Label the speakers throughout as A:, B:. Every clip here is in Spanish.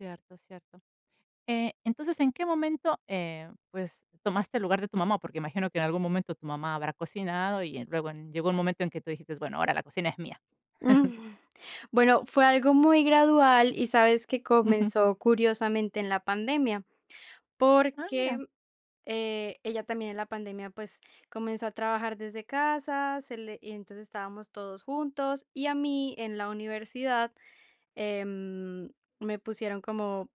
A: Cierto, cierto. Eh, entonces, ¿en qué momento, eh, pues, tomaste el lugar de tu mamá? Porque imagino, que en algún momento tu mamá habrá cocinado, y en luego llegó un momento en que tú dijiste: "Bueno, ahora la cocina es mía".
B: Mm. Bueno, fue algo muy gradual y ¿sabes que?,
A: Ujú.
B: comenzó curiosamente en la pandemia.
A: Ah,
B: Porque,
A: mira.
B: eh, ella también en la pandemia, pues, comenzó a trabajar desde casa, se le y entonces, estábamos todos juntos, y a mí en la universidad, em, me pusieron como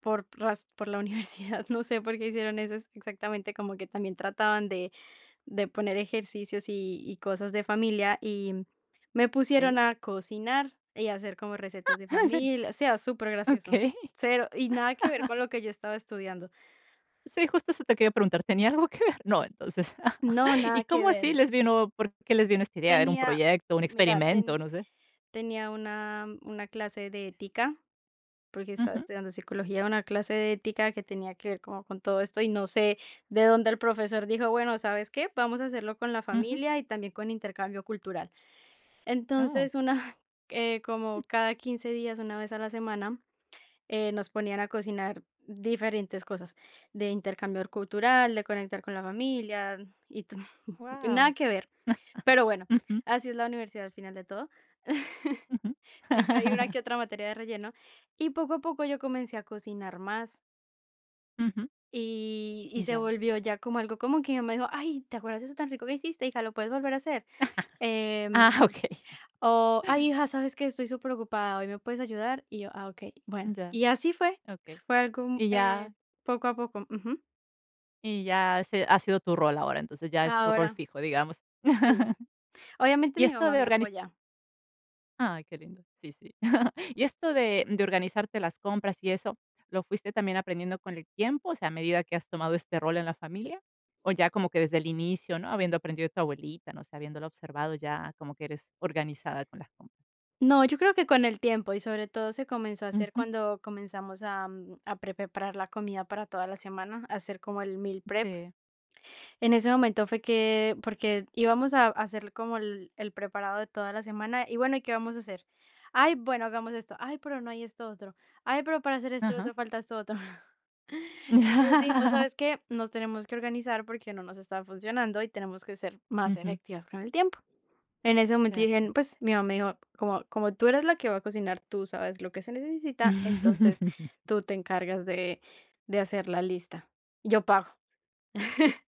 B: por raz por la universidad, no sé por qué hicieron eso ex exactamente, como que también trataban de de poner ejercicios y y cosas de familia, y me pusieron
A: Eh.
B: a cocinar, y hacer como recetas de
A: Ah, ¿en serio?
B: familia. O sea, supergracioso,
A: Okey.
B: cero y nada que ver con lo que yo estaba estudiando.
A: Sí, justo eso te quería preguntar, ¿tenía algo que ver? No, entonces,
B: No,
A: ¿y
B: nada que
A: cómo
B: ver.
A: así les vino, por qué les vino esta idea? ¿Era un
B: Tenía
A: proyecto, un
B: mira,
A: experimento?,
B: ten
A: no sé.
B: tenía una una clase de ética porque estaba
A: Ujú.
B: estudiando psicología. Una clase de ética que tenía que ver como con todo esto, y no sé de dónde el profesor dijo, bueno, ¿sabes qué?, vamos a hacerlo con la
A: Ujú.
B: familia y también con intercambio cultural.
A: Oh.
B: Entonces, una eh,
A: Uh.
B: como cada 15, días, una vez a la semana, eh, nos ponían a cocinar diferentes cosas. De intercambio cultural, de conectar con la familia y nada
A: Guau.
B: que ver. Pero, bueno,
A: Ujú.
B: así es la universidad al final de todo.
A: Ujú.
B: Siempre hay una, que otra materia de relleno. Y poco a poco, yo comencé a cocinar más.
A: Ujú.
B: Y y se
A: Ya.
B: volvió ya, como algo, como que ella me dijo: "Ay, ¿te acuerdas, de eso tan rico que hiciste, hija? ¿Lo puedes volver a hacer?"
A: Ah,
B: Em,
A: okey.
B: o: "Ay, hija, ¿sabes qué? Estoy superocupada hoy, ¿me puedes ayudar?". Y yo: "Ah, okey, bueno".
A: Ya.
B: Y así fue.
A: Okey.
B: S fue algo, mm,
A: Y
B: eh,
A: ya
B: poco a poco. Ujú.
A: y ya, ese ha sido tu rol ahora, entonces ya es tu rol
B: Ahora
A: fijo, digamos.
B: Sí. Obviamente
A: Y
B: mi
A: esto
B: mamá
A: de
B: me
A: organiz
B: apoya.
A: Ay, qué lindo. Sí, sí. Y esto de de organizarte las compras, y eso, ¿lo fuiste, también aprendiendo con el tiempo? O sea, ¿a medida que has tomado este rol en la familia? O ya como que desde el inicio, ¿no? Habiendo aprendido de tu abuelita, no sé, habiéndola observado ya como que eres organizada con las compras.
B: No, yo creo que con el tiempo, y sobre todo, se comenzó a hacer
A: Ujú.
B: cuando comenzamos a a pre preparar la comida para toda la semana, a hacer como el meal prep.
A: Sí.
B: En ese momento fue que, porque íbamos a a hacer como el el preparado de toda la semana, y bueno: "¿Y qué vamos a hacer?". "Ay, bueno, hagamos esto". "Ay, pero no hay esto otro". "Ay, pero, para hacer esto otro,
A: Ajá.
B: falta esto otro". Entonces dijimos: "¿Sabes qué? Nos tenemos que organizar porque no nos está funcionando, y tenemos que ser más
A: Ujú.
B: efectivas con el tiempo". En ese momento, yo
A: Cierto.
B: dije pues, mi mamá me dijo: "Como como tú eres la que va a cocinar, tú sabes lo que se necesita, entonces tú te encargas de de hacer la lista. Yo pago".